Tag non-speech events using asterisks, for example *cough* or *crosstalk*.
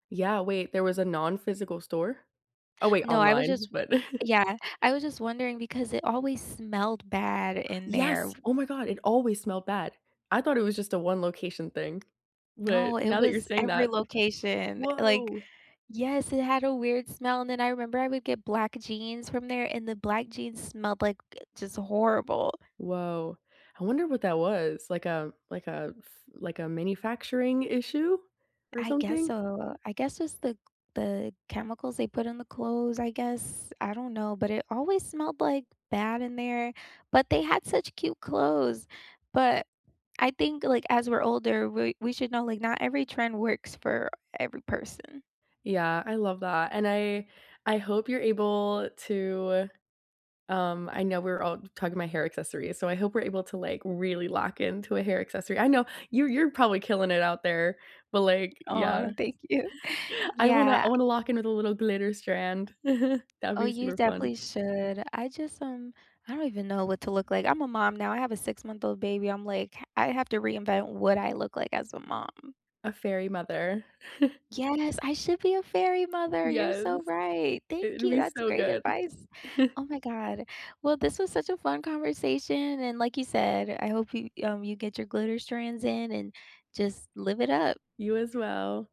Yeah, wait, there was a nonphysical store? Oh, wait, No, I was online, just but Yeah. I was *chuckles* just wondering because it always smelled bad in there. Yes, oh, my god, it always smelled bad. I thought it was just a one location thing, but, No, it now that you're was saying every that location, like woah! Yes, it had a weird smell, and then I remember I would get black jeans from there, and the black jeans smelled, like, gu just horrible. Woah. I wonder what that was. Like, a like, a f like, a manufacturing issue or I guess something? so. I guess it's the c the chemicals they put in the clothes, I guess. I don't know, but it always smelled, like, bad in there. But they had such cute clothes. But, I think, like, as we're older, we we should know, like, not every trend works for every person. Yeah, I love that and I I hope you're able to um, I know we're all talking about hair accessories, so I hope we're able to, like, really lock into a hair accessory. I know, you're you're probably killing it out there, but, like, Aw, yeah thank you. *chuckles* I wanna I Yeah. wanna lock in with a little glitter strand. *chuckles* That'd Oh, be you super fun. definitely should. I just, um I don't even know what to look like. I'm a mom now. I have a six-month-old baby, I'm, like, I have to reinvent what I look like as a mom. A fairy mother. *chuckles* Yes, I should be a fairy mother, you're Yes. so right. Thank It'd you, be that's so great good. advice. Oh, *chuckles* my god. Well, this was such a fun conversation, and like you said, I hope you um, you get your glitter strands in and just live it up. You as well.